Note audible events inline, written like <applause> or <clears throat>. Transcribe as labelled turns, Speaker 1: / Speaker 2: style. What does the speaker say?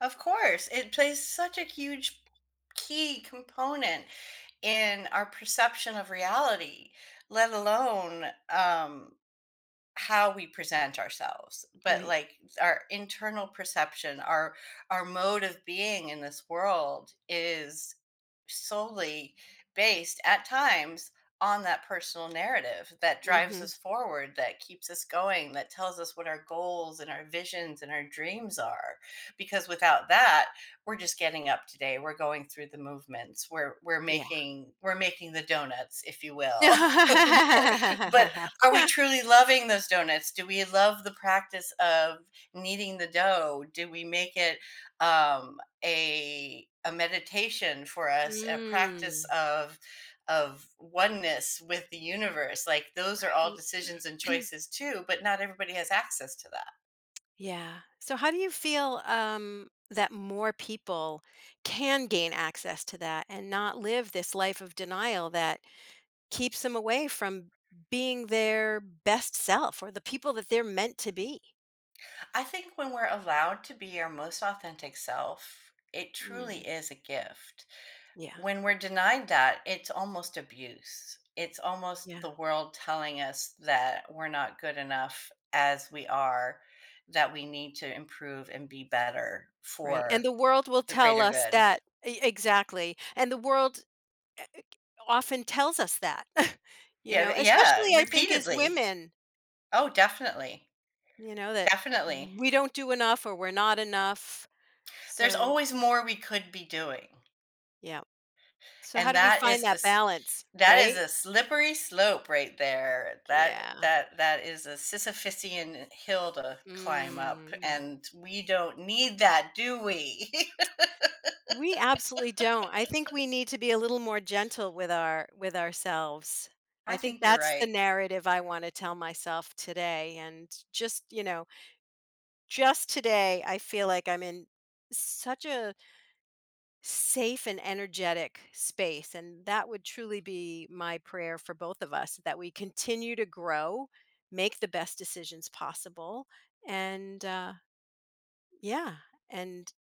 Speaker 1: Of course, it plays such a huge key component in our perception of reality, let alone, um, how we present ourselves, but,
Speaker 2: Right.
Speaker 1: like, our internal perception, our our mode of being in this world is solely based, at times, on that personal narrative that drives
Speaker 2: Mhm.
Speaker 1: us forward, that keeps us going, that tells us what our goals and our visions and our dreams are because without that, we're just getting up today, we're going through the movements, we're we're
Speaker 2: Yeah.
Speaker 1: making we're making the donuts if you will. <chuckles> But are we truly
Speaker 2: <laughs>
Speaker 1: loving those donuts? Do we love the practice of kneading the dough? Do we make it, um, a a meditation for us, a practice
Speaker 2: Mm.
Speaker 1: of of oneness with the universe? Like, those are all
Speaker 2: Right.
Speaker 1: decisions and
Speaker 2: <clears throat>
Speaker 1: choices too, but not everybody has access to that.
Speaker 2: Yeah. So, how do you feel um that more people can gain access to that and not live this life of denial that keeps them away from being their best self or the people that they're meant to be?
Speaker 1: I think when we're allowed to be our most authentic self, it truly
Speaker 2: Mm.
Speaker 1: is a gift.
Speaker 2: Yeah.
Speaker 1: When we're denied that, it's almost abuse. It's almost
Speaker 2: Yeah.
Speaker 1: the world telling us that we're not good enough as we are, that we need to improve and be better
Speaker 2: Right, and
Speaker 1: for
Speaker 2: the world will
Speaker 1: the
Speaker 2: tell
Speaker 1: greater
Speaker 2: us
Speaker 1: good.
Speaker 2: that e exactly, and the world e eh k often tells us that, <scoffs> you
Speaker 1: Yeah,
Speaker 2: know,
Speaker 1: th yeah,
Speaker 2: especially I think as
Speaker 1: repeatedly.
Speaker 2: women
Speaker 1: Oh, definitely.
Speaker 2: you know, that
Speaker 1: Definitely.
Speaker 2: we don't do enough or we're not enough,
Speaker 1: There's
Speaker 2: so
Speaker 1: always more we could be doing.
Speaker 2: Yep. So how
Speaker 1: And
Speaker 2: do we
Speaker 1: that
Speaker 2: find
Speaker 1: is a
Speaker 2: that
Speaker 1: s
Speaker 2: balance,
Speaker 1: that is
Speaker 2: right?
Speaker 1: a slippery slope right there. That
Speaker 2: Yeah.
Speaker 1: that that is a Sisyphician hill to climb up
Speaker 2: Mm.
Speaker 1: and we don't need that, do we?
Speaker 2: We absolutely don't. I think
Speaker 1: <laughs>
Speaker 2: we need to be a little more gentle with our with ourselves.
Speaker 1: I
Speaker 2: I think
Speaker 1: think you're
Speaker 2: that's the
Speaker 1: right.
Speaker 2: narrative I wanna tell myself today and just, you know just today, I feel like I'm in such a safe and energetic space and that would truly be my prayer for both of us that we continue to grow, make the best decisions possible, and uh, yeah, and